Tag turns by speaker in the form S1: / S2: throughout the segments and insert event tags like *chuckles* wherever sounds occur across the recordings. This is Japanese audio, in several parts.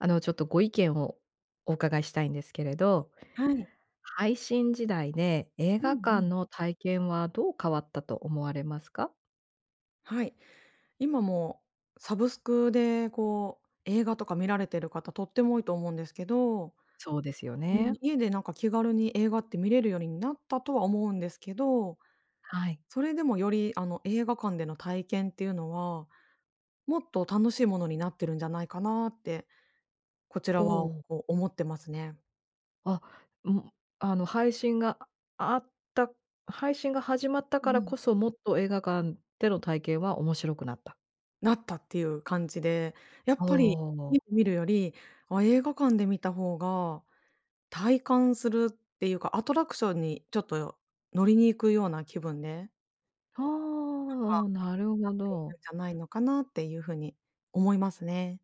S1: あの、ちょっとご意見をお伺いしたいんですけれど。
S2: はい。
S1: 配信時代で、映
S2: う
S1: 画
S2: んう
S1: 館
S2: ん。
S1: の体験はどう変わったと思われますか？
S2: はい。今もう、サブスクでこう、映画とか見られてる方とっても多いと思うんですけど
S1: そうですよ
S2: うん。
S1: ね。
S2: 家で、なんか、気軽に映画って見れるようになったとは思うんですけど、
S1: はい。
S2: それでもよりあの映画館での体験っていうのは、もっと楽しいものになってるんじゃないかな？って、こち
S1: お
S2: らは
S1: お。
S2: こう思ってますね。
S1: あ、うん、あの配信が、ああった、配信が始まった
S2: う
S1: から
S2: ん。
S1: こそ、もっと映画館での体験は面白くなった？
S2: なったっていう感じで、やっ
S1: お
S2: ぱり、
S1: お。
S2: い見るより、あ、映画館で見た方が体感するっていうか、アトラクションにちょっとよ乗りに行くような気分で
S1: はあ、あ、
S2: なんか、
S1: お、なる
S2: なっ
S1: ほ
S2: てい
S1: ど。
S2: るんじゃないのかなっていうふうに思いますね。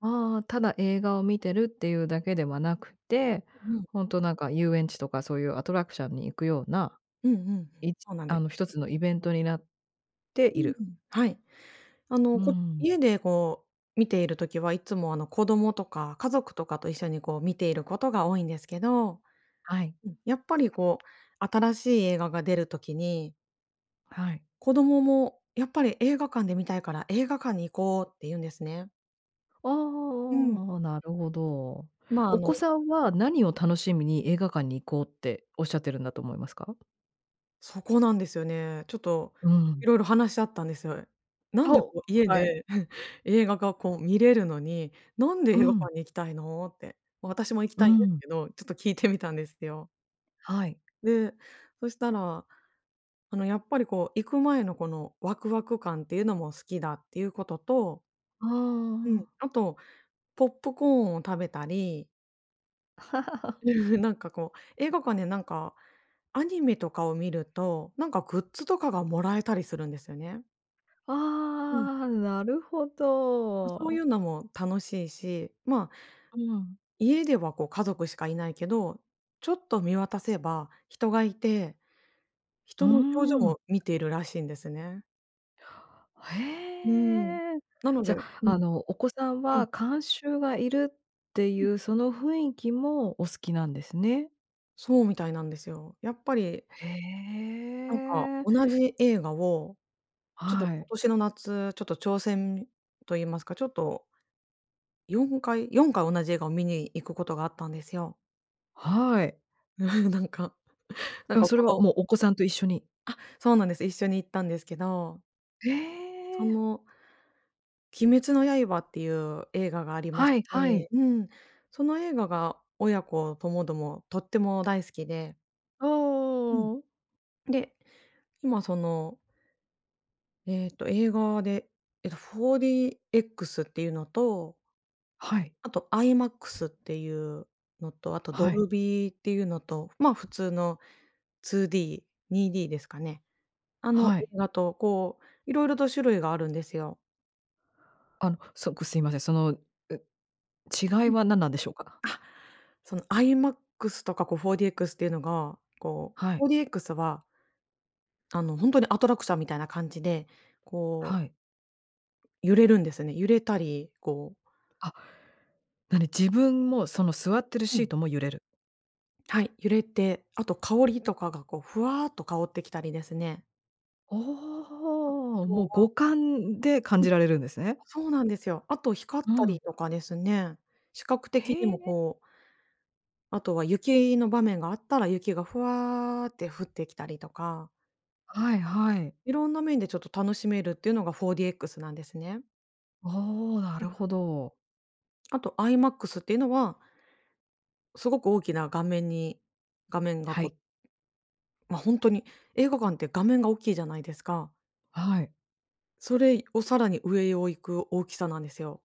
S1: ああ、ただ映画を見てるっていうだけではなくって、
S2: うん。
S1: ほんとなんか、遊園地とかそういうアトラクシャンに行くような、
S2: うんうんうん。
S1: いち
S2: そうなんで
S1: あの、一つのイベントになって
S2: う
S1: いる。
S2: ーん、はい。あ
S1: う
S2: の、
S1: ー
S2: こう、
S1: ん。
S2: 家でこう、見ている時はいつも、あの、子供とか家族とかと一緒にこう、見ていることが多いんですけど
S1: はい。
S2: うん、やっぱりこう、新しい映画が出る時に
S1: はい。
S2: 子供も、やっぱり「映画館で観たいから、映画館に行こう」って言うんですね。
S1: あ
S2: うん。
S1: あ、なるほど。
S2: まあ、あ
S1: お子
S2: の
S1: さんは何を楽しみに、「映画館に行こう」って仰ってるんだと思いますか？
S2: そこなんですよね。ちょっと、
S1: うん。
S2: 色々話し合ったんです。「な
S1: あ、
S2: んでこ
S1: お、
S2: う、家
S1: はい。
S2: で、*chuckles* 映画が、こう、観れるのに、なんで
S1: う
S2: 映画
S1: ん。
S2: 館に行きたいの？」って。私も行き
S1: う
S2: たいんです
S1: ん。
S2: けど、ちょっと聞いてみたんですよ。
S1: はい。
S2: で、そしたら、あの、やっぱり、こう、行く前の、この、ワクワク感っていうのも好きだっていうことと
S1: あ
S2: うん、
S1: あ。
S2: あと、ポップコーンを食べたり
S1: *laughs*
S2: *laughs* なんか、こう、映画館でなんか、アニメとかを観ると、なんかグッズとかがもらえたりするんですよね。うん。
S1: ああ、なるほ
S2: ま、そうい
S1: ど。
S2: うのも楽しいし、ま、
S1: うん。
S2: 家では、こう、家族しかいないけど、ちょっと見渡せば人が居て、
S1: うー
S2: 人の表情
S1: ん。
S2: を見ているらしいんですね。うーん、
S1: へえ。
S2: なの
S1: じ
S2: で
S1: ゃ、
S2: う
S1: あ
S2: ん。
S1: の、お子さん
S2: うん。
S1: は観衆がいるってい
S2: うん。
S1: う、その雰囲気もお好きなんですね？
S2: そうみたいなんですよ。やっぱり
S1: へ
S2: なんか
S1: え。
S2: 同じ映画を、ちょっと
S1: はい。
S2: 今年の夏、ちょっと挑戦と言いますか、ちょっと4回、4回同じ映画を見に行くことがあったんですよ。
S1: はい。
S2: *chuckles* なんかなん
S1: うん、
S2: か
S1: それ
S2: こ
S1: はもうお子さんと一緒に
S2: のあ、そうなんです。一緒に行ったんですけど
S1: へ
S2: そ
S1: え。
S2: の、鬼滅の刃っていう映画がありまし
S1: はいはい。
S2: て、うん、その映画が親子共々とっても大好きで
S1: あ、
S2: うん。
S1: おーん。
S2: で、今そのえっと、映画で、えっと、4DXっていうのと
S1: はい。
S2: あと IMAX っていうのと、あと
S1: は
S2: ド
S1: い。
S2: ルビーっていうのと、まあ普通の2D、2Dですかね。あの、
S1: は
S2: 映
S1: い。
S2: 画とこう、色々と種類があるんですよ。
S1: あの、そっく、すいません。その、ん、違い
S2: うん。あ、
S1: は何なんでしょうか？
S2: その、IMAX とか、こう、4DX っていうのが、こ
S1: はい。
S2: う、4DX はあの、ほんとにアトラクションみたいな感じで、こう
S1: はい。
S2: 揺れるんですよね。揺れたり、こう
S1: あ、何、自分もその座ってる
S2: う
S1: シー
S2: ん。
S1: トも揺れる。
S2: はい、揺れて、あと香りとかが、こう、ふわっと香ってきたりですね。あ
S1: おお、も
S2: と
S1: う
S2: は
S1: 五感で
S2: *unintelligible*
S1: 感
S2: うん。
S1: じられるんですね。
S2: あ、そうなんですよ。あと光っ
S1: う
S2: た
S1: ん。
S2: りとかですね、視覚的に
S1: へ
S2: も、
S1: え。
S2: こうあとは雪の場面があったら、雪がふわって降ってきたりとか
S1: はいはい。
S2: 色んな面でちょっと楽しめるっていうのが 4DX なんですね。
S1: おお、な
S2: うん。
S1: るほど。
S2: あと、IMAX っていうのは、すごく大きな画面に画面が
S1: は
S2: こ
S1: い。
S2: ま、ほんとに映画館って画面が大きいじゃないですか。
S1: はい。
S2: それをさらに上を行く大きさなんですよ。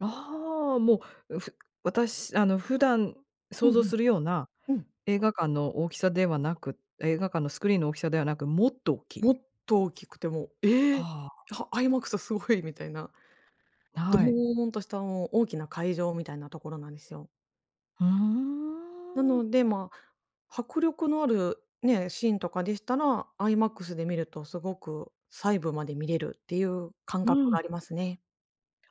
S1: ああ、もうふ私、あの、普段
S2: う
S1: 想
S2: ん
S1: 像
S2: うん。
S1: するような
S2: うん。
S1: 映画館の大きさではなく、映画館のスクリーンの大きさではなく、もっと大きい？
S2: もっと大きくて、もう、え！
S1: はあ。
S2: あは IMAX すごいみたいな。
S1: な
S2: ド
S1: はい。
S2: ーンとした、あの、大きな会場みたいなところなんですよ。
S1: ふー
S2: な
S1: ん。
S2: ので、ま、迫力のあるね、シーンとかでしたら、IMAX で見るとすごく細部まで見れるっていう感
S1: う
S2: 覚が
S1: ん。
S2: ありますね。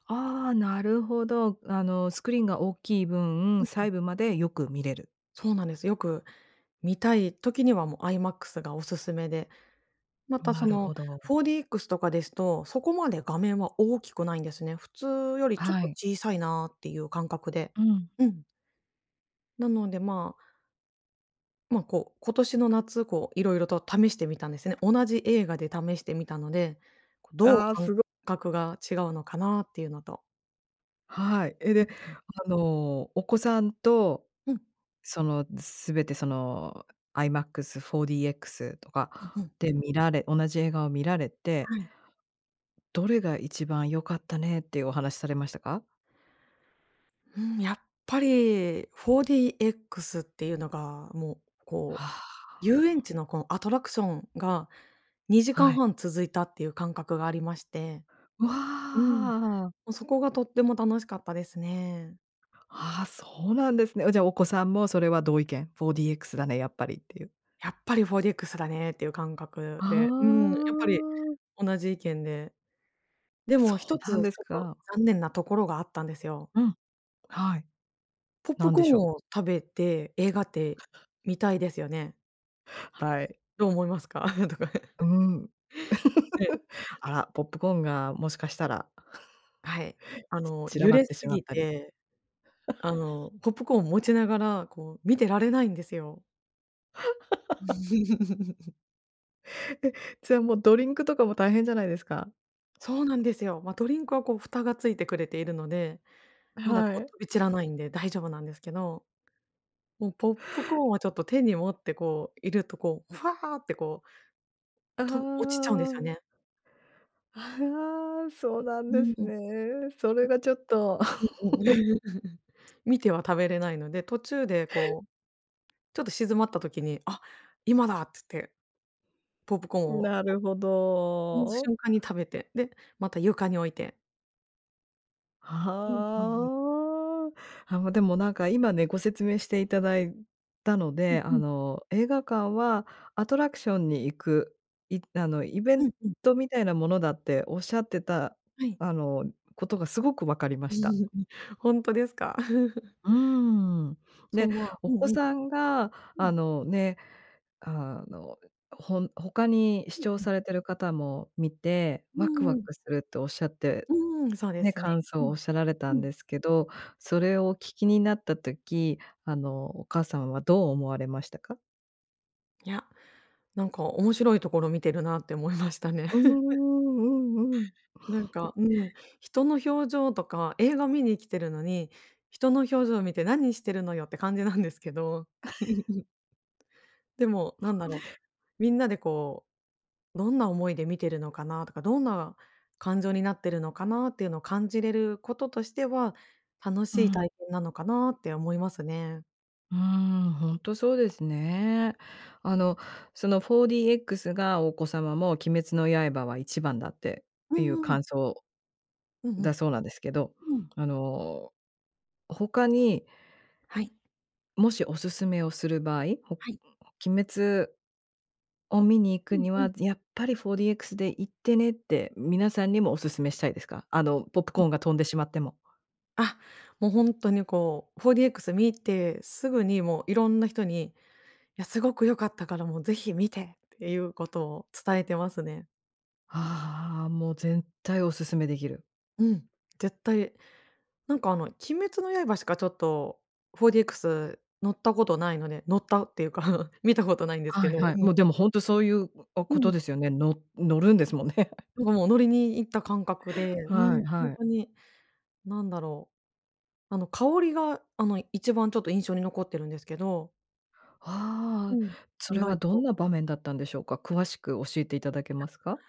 S1: ああ、なるほど。あの、スクリーンが大きい
S2: う
S1: 分、
S2: んうん。
S1: 細部までよく見れる。
S2: そうなんです。よく見たい時にはもう IMAX がおすすめで。また、そ
S1: なる
S2: の、
S1: ほど。
S2: 4DX とかですと、そこまで画面は大きくないんですね。普通よりちょっ
S1: は
S2: と
S1: い。
S2: 小さいなっていう感覚で、
S1: うん。
S2: うん。なので、まあま、こう、今年の夏、こう色々と試してみたんですね。同じ映画で試してみたので、こう、どう
S1: ああ、
S2: 感
S1: すご
S2: 覚が違うのかなっていうのと。
S1: はい、え、
S2: う
S1: で、
S2: んうん。
S1: あの、お子さんと、
S2: うん。
S1: その、全て、その、IMAX、4DX と
S2: うん
S1: か
S2: うん。
S1: で見られ同じ映画を見られて
S2: はい。
S1: どれが一番良かったねっていうお話されましたか？
S2: うーん、やっぱり 4DX っていうのが、もう、こう、
S1: あ
S2: 遊園
S1: あ。
S2: 地のこのアトラクションが、にじか
S1: は
S2: ん
S1: い。
S2: はん続いたっていう感覚がありまして
S1: わ
S2: うん。も
S1: あ。
S2: うそこがとても楽しかったですね。
S1: あ、そうなん
S2: *unintelligible*
S1: ですね。じゃ、お子さんもそれは同意見、4DX だねやっぱりっていう。
S2: やっぱり 4DX だねっていう感覚
S1: あ
S2: で、うん、やっぱり
S1: あ。
S2: 同じ意見で。で
S1: あ、そ
S2: もひ
S1: う
S2: とつ
S1: なんです
S2: ちょっと
S1: か。
S2: 残念なところがあったんですよ。
S1: うん。はい。
S2: ポップ
S1: なん
S2: コ
S1: で
S2: ー
S1: し
S2: ン
S1: ょう。
S2: を食べて、映画って見たいですよね。
S1: はい。
S2: どう思いますか？とか。
S1: う
S2: *chuckles*
S1: ん。
S2: ええ。
S1: *laughs* あら、ポップコーンがもしかしたら。
S2: はい、あ
S1: *chuckles*
S2: の、
S1: ち散ら
S2: 揺
S1: ばっ
S2: れ
S1: て
S2: す
S1: しまっ
S2: ぎ
S1: たり。
S2: て、あ
S1: *laughs*
S2: の、ポップコーンを持ちながら、こう見てられないんですよ。
S1: *laughs*
S2: *laughs*
S1: え、じゃもうドリンクとかも大変じゃないですか。
S2: そうなんですよ。ま、ドリンクはこう蓋がついてくれているので、まだ
S1: は
S2: こ
S1: い。
S2: う飛び散らないんで大丈夫なんですけど。もうポップコーンをちょっと手に持ってこういると、こう、ふわってこう
S1: あ
S2: と落ちちゃうんですよ
S1: あ。
S2: ね。
S1: ああ、そうなん
S2: う
S1: で
S2: ん、ん。
S1: す
S2: う
S1: ね。それはちょっと。
S2: んうん。
S1: *chuckles*
S2: *laughs* 見ては食べれないので、途中でこう、ちょっと静まった時に、あ、今だっつって。ポップコーン
S1: ん、
S2: を
S1: なるほ
S2: その
S1: ど。
S2: 瞬間に食べて、で、また床に置いて。うんうんうん。
S1: はあ、あ、ま、でも、なんか、今ね、ご説明していただいたの
S2: うん
S1: で、
S2: う
S1: あ
S2: ん。
S1: の、映画館はアトラクションに行く、いあの、イベ
S2: う
S1: ン
S2: んうん。
S1: トみたいなものだっておっしゃってた、
S2: はい。
S1: あの、ことがすごく分かりました。
S2: *laughs* ほんとですか？*laughs*
S1: うーん。
S2: そ
S1: で、
S2: う、ま
S1: お
S2: う
S1: 子
S2: んうん。
S1: さんが、
S2: う
S1: あ
S2: ん。
S1: の、ね、あの、ほん他に
S2: う
S1: 視
S2: ん
S1: 聴
S2: うん。
S1: されてる方も見て、
S2: う
S1: ワクワ
S2: ーん。
S1: クするっておっしゃって、
S2: うーん、そうで
S1: ね、
S2: すね。
S1: 感想
S2: う
S1: をおっ
S2: ん、
S1: しゃられた
S2: う
S1: ん
S2: ん。
S1: ですけど、それをお聞きになった時、あの、お母さんはどう思われましたか？
S2: いや、なんか、面白いところ見てるなって思いましたね。
S1: うーん、
S2: *laughs*
S1: うん
S2: なん
S1: うん。
S2: か、うん、人の表情とか、映画見に来てるのに、人の表情を見て何してるのよって感じなんですけど。
S1: *laughs*
S2: *laughs* でも、なんだろう、みんなで、こう、どんな思いで見てるのかなとか、どんな感情になってるのかなっていうのを感じれることとしては、楽し
S1: う
S2: い
S1: ん。
S2: 体験なのかなって思いますね。
S1: うーん、ほんとそうですね。あの、その 4DX がお子様も「鬼滅の刃は一番だ」って、
S2: う
S1: ていう
S2: んうん。
S1: 感想
S2: うんう
S1: だ
S2: ん。
S1: そうなんですけど、
S2: うん。
S1: あの、他に
S2: はい。
S1: もしおすすめをする場合？ほ
S2: はい。
S1: 鬼滅を観に行
S2: う
S1: く
S2: ん
S1: に
S2: うん。
S1: は、ぜやっぱり 4DX で行ってねって、皆さんにもおすすめしたいですか？あの、ポップ
S2: う
S1: コー
S2: ん。
S1: ンが飛んでしまっても。
S2: あ、も、ほんとにこう、4DX 観てすぐにもういろんな人に「いや、すごく良かったからもうぜひ観て」っていうことを伝えてますね。
S1: ああ、もう絶対おすすめできる。
S2: うん、絶対。なんかあの、鬼滅の刃しかちょっと 4DX 乗ったことないので、乗ったっていうか、*chuckles* 観たことないんです
S1: は
S2: け
S1: い
S2: ど、う
S1: はい。もう
S2: ん。
S1: でもほんとそういう、お
S2: う
S1: こと
S2: ん。
S1: ですよね。の乗るんですもんね。*chuckles*
S2: なんかもう乗りに行った感覚で、う
S1: は
S2: ん、
S1: い
S2: ほ
S1: は
S2: ん
S1: い。
S2: とになんだろう。あの、香りが、あの、一番ちょっと印象に残ってるんですけどう
S1: ああ、
S2: ん、
S1: そ
S2: 意
S1: れは
S2: 外
S1: どん
S2: と。
S1: な場面だったんでしょうか？詳しく教えていただけ
S2: あ、
S1: ますか？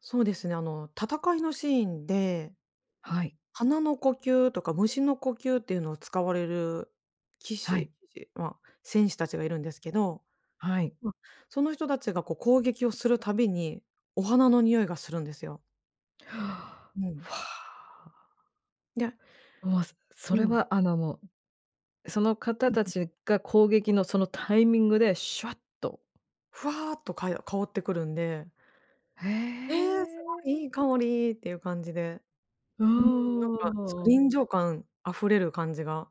S2: そうですね、あの、戦いのシーンで、
S1: はい。
S2: 花の呼吸とか蟲の呼吸っていうのを使われる騎
S1: はい。
S2: 士騎士、ま、戦士たちがいるんですけど、
S1: はい。
S2: ま、その人たちがこう攻撃をするたびに、お花の匂いがするんですよ。う
S1: *inhales*
S2: ん。
S1: ふあ。
S2: で。
S1: もう、そそ
S2: う
S1: れ
S2: ん。
S1: はあのもう、その方
S2: うん
S1: た
S2: うん。
S1: ちが攻撃のそのタイミングでシュワッと
S2: ふわっと、かよ香ってくるんで
S1: へ
S2: 「ええ！すごいい
S1: え。
S2: い香り」っていう感じで。
S1: う
S2: うーん、なんか、そ、
S1: ーん。
S2: 臨場感溢れる感じが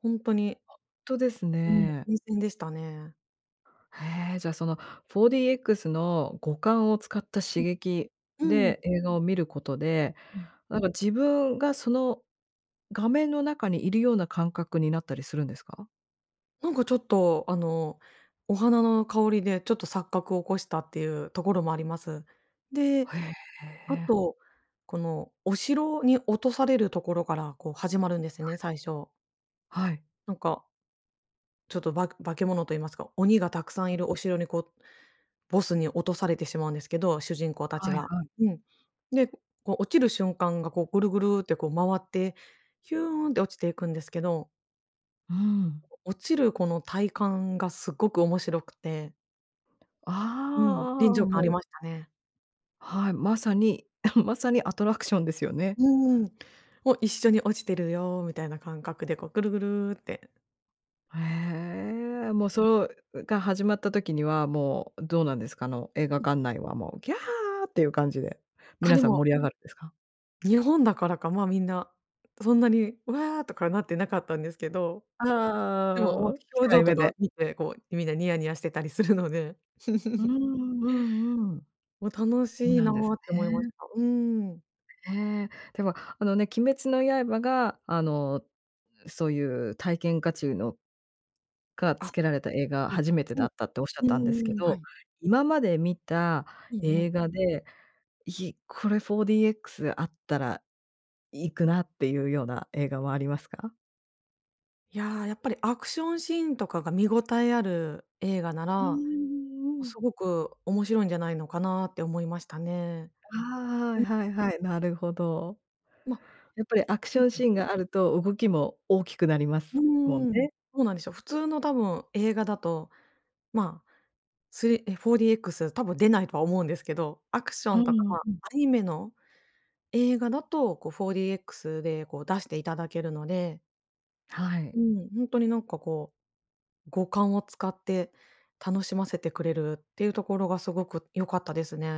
S2: ほんとに
S1: ほんとです
S2: うん、
S1: ね。
S2: 新鮮でしたね。
S1: へえ、じゃその 4DX の五感を使った刺
S2: うん。
S1: 激
S2: うん。
S1: で映画を見ることで、
S2: うん。
S1: なんか自分がその画面の中にいるような感覚になったりするんですか？
S2: なんかちょっと、あの、お花の香りでちょっと錯覚を起こしたっていうところもあります。で、
S1: ほえ
S2: あ
S1: え。
S2: と、この、お城に落とされるところからこう始まるんです
S1: は
S2: ね、
S1: い。
S2: 最初。
S1: はい。
S2: なんか、ちょっと、ばく化け物と言いますか、鬼が沢山
S1: う
S2: い
S1: ん。
S2: るお城に、こう、ボスに落とされてしまうんですけど、主人公達
S1: はい
S2: が。
S1: はい。
S2: うん。で、ふこう落ちる瞬間が、こう、グルグルって、こう、回って、ヒューンって落ちていくんですけど
S1: うーん。
S2: 落ちるこの体感が、すっごく面白くてうん、
S1: あ
S2: 臨
S1: あ、
S2: 場感あり
S1: もう
S2: ましたね。
S1: はい。まさに *clears throat* まさに、アトラクションですよね。
S2: うんうん、も、一緒に落ちてるよみたいな感覚で、こう、グルグルって。
S1: へえ、もう、そう、うが始まった時には、もう、どうなんですか？あの映画
S2: うん。
S1: 館内は、もう「ギャー」っていう感じで、
S2: あ、
S1: 皆
S2: で
S1: さん
S2: も
S1: 盛り上がるんですか？
S2: 日本だからか、まあ、みんなそんなに「うわあ」とかなってなかったんですけど。でも、おお、
S1: ああ、
S2: 表
S1: 控
S2: 情
S1: え
S2: と
S1: 目
S2: か
S1: で。
S2: 見て、こうみんなニヤニヤしてたりするので
S1: うーん、
S2: *chuckles*
S1: うんうん。
S2: もう楽
S1: う
S2: しい
S1: な
S2: な
S1: んです
S2: って思いまし
S1: ね。
S2: た。うーん。
S1: へえ。では、あのね、鬼滅の刃が、あの、うそういうたいけんかちゅうのが、つ
S2: あ、
S1: けられた映画
S2: そうで
S1: 初
S2: す
S1: めてだ
S2: ね。
S1: ったっておっしゃっ
S2: う
S1: たん
S2: ん、う
S1: ですけ
S2: んうん。は
S1: ど、
S2: い。
S1: 今まで見た
S2: うんう
S1: 映
S2: ん。
S1: 画で、いこれ 4DX あったら行くなっていうような映画はありますか？
S2: いや、やっぱりアクションシーンとかが見ごたえある映画な
S1: うー
S2: ら、
S1: ん、うん。
S2: すごく面白いんじゃないのかなって思いましたね。
S1: ああ、
S2: ん。
S1: はいはい、なるほど。
S2: ま
S1: やっぱりアク
S2: ふ
S1: シ
S2: ん
S1: ョン
S2: ふ
S1: シ
S2: ん。
S1: ーンがあると、動きも大きくなりま
S2: う
S1: すもん
S2: ーん、
S1: ね。
S2: そうなんですよ。普通の多分映画だと、まあ、3、え、4DX 多分出ないとは思うんですけど、アクショ
S1: ああ、
S2: ン
S1: う
S2: とか、ま、ア
S1: ん。
S2: ニメの映画だと、こう 4DX でこう、出していただけるので
S1: はい。
S2: うん、ほんとになんかこう、五感を使って楽しませてくれるっていうところがすごく良かったですね。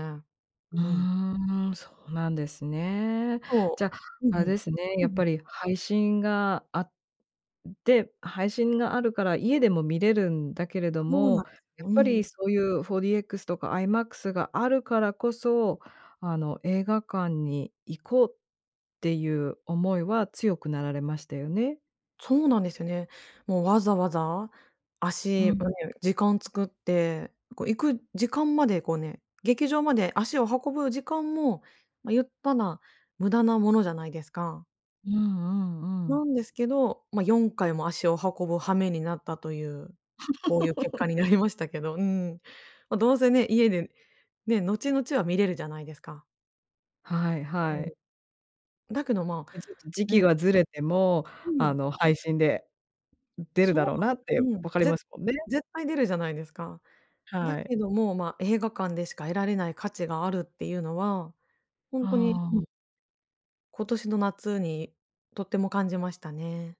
S1: う
S2: うん。
S1: ーん、そうなんですね。
S2: そ
S1: じゃ、
S2: う、うん、
S1: あれ
S2: ふん、
S1: ですね、
S2: ふ
S1: や
S2: ん
S1: っ
S2: ふん。
S1: ぱり配信があって配信があるから家でも見れるんだけれど
S2: そう
S1: も、
S2: な
S1: やっ
S2: う
S1: ぱり
S2: ん。
S1: そういう 4DX とか IMAX があるからこそ、あの、映画館に行こうっていう思いは強くなられましたよね？
S2: そうなんですね。もうわざわざ
S1: う
S2: 足
S1: ん。
S2: をね時間作って、こう行く時間までこうね、劇場まで足を運ぶ時間も、ま、ゆったら無駄なものじゃないですか。
S1: うんうんう
S2: な
S1: ん。
S2: んですけど、ま、4回も足を運ぶ羽目になったという、こういう結果になり
S1: *laughs*
S2: ましたけど、うん。ま、どうせね、家でね、後々は見れるじゃないですか。
S1: はい、
S2: う
S1: はい。
S2: ん。だけど、ま、
S1: や、ちょっと時期
S2: ね。
S1: がずれても、
S2: う
S1: あ
S2: ん。
S1: の、配信で出るだ
S2: そう
S1: ろうなって
S2: なんうん、
S1: 分かり
S2: ぜ
S1: ますもんね。
S2: 絶対出るじゃないですか。だ
S1: はい。
S2: けども、ま、映画館でしか得られない価値があるっていうのは、ほ
S1: あ
S2: んとに、うん。
S1: あ。
S2: 今年の夏にとっても感じましたね。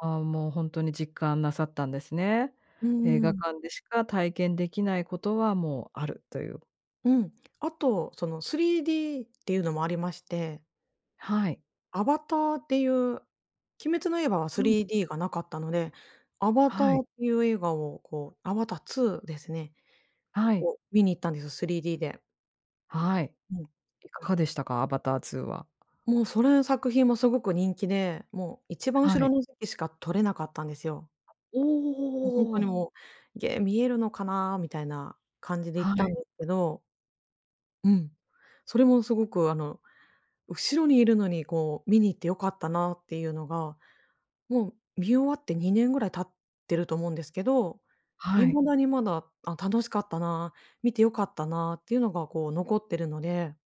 S1: ああ、もう、ほんとに実感なさったんですね。
S2: うー
S1: 映画
S2: ん。
S1: 館でしか体験できないことは、もう、あるという。
S2: うん。あと、その、3Dっていうのもありまして。
S1: はい。
S2: アバターっていう鬼滅の刃は
S1: う
S2: ス
S1: ん。
S2: リーディーがなかったので、アバタ
S1: はい。
S2: ーっていう映画を、こうアバター2ですね、
S1: はい。
S2: を見に行ったんですよ、3Dで。
S1: はい。
S2: うん。
S1: いかがでしたか？アバター2は。
S2: もう、それの作品もすごく人気で、もう、一番
S1: は
S2: 後
S1: い。
S2: ろの席しか取れなかったんですよ。
S1: お
S2: もう、ほんとに、
S1: お。
S2: もう、「げ、見えるのかな」みたいな感じで行っ
S1: は
S2: たん
S1: い。
S2: ですけど。うん。それもすごく、あの、後ろにいるのに、こう、「見に行って良かったな」ていうのが、もう、見終わって2年ぐらい経ってると思うんですけど、
S1: はい。
S2: 未だにまだ、「あ、楽しかったな、見て良かったな」ていうのが、こう、残っているので。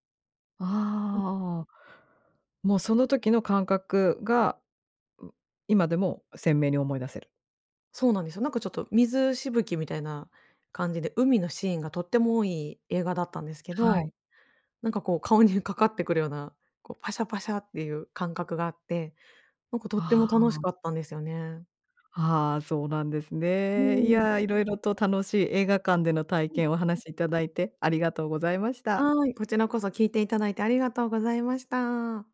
S2: うん。
S1: ああ。もう、その時の感覚が、ん、今でも鮮明に思い出せる。
S2: そうなんですよ。なんか、ちょっと、水しぶきみたいな感じで、海のシーンがとっても多い映画だったんですけ
S1: は
S2: ど、
S1: い。
S2: なんか、こう、顔にかかってくるような、こう、パシャパシャっていう感覚があって、なんか、とって
S1: あ
S2: も楽し
S1: あ。
S2: かったんですよね。
S1: ああ、そうなんです
S2: う
S1: ね。い
S2: ーん。
S1: や、色々と楽しい映画館での体
S2: うん、う
S1: 験をお
S2: ん。
S1: 話しいただいて、ありがとうございました。
S2: はい、こちらこそ聞いていただいてありがとうございました。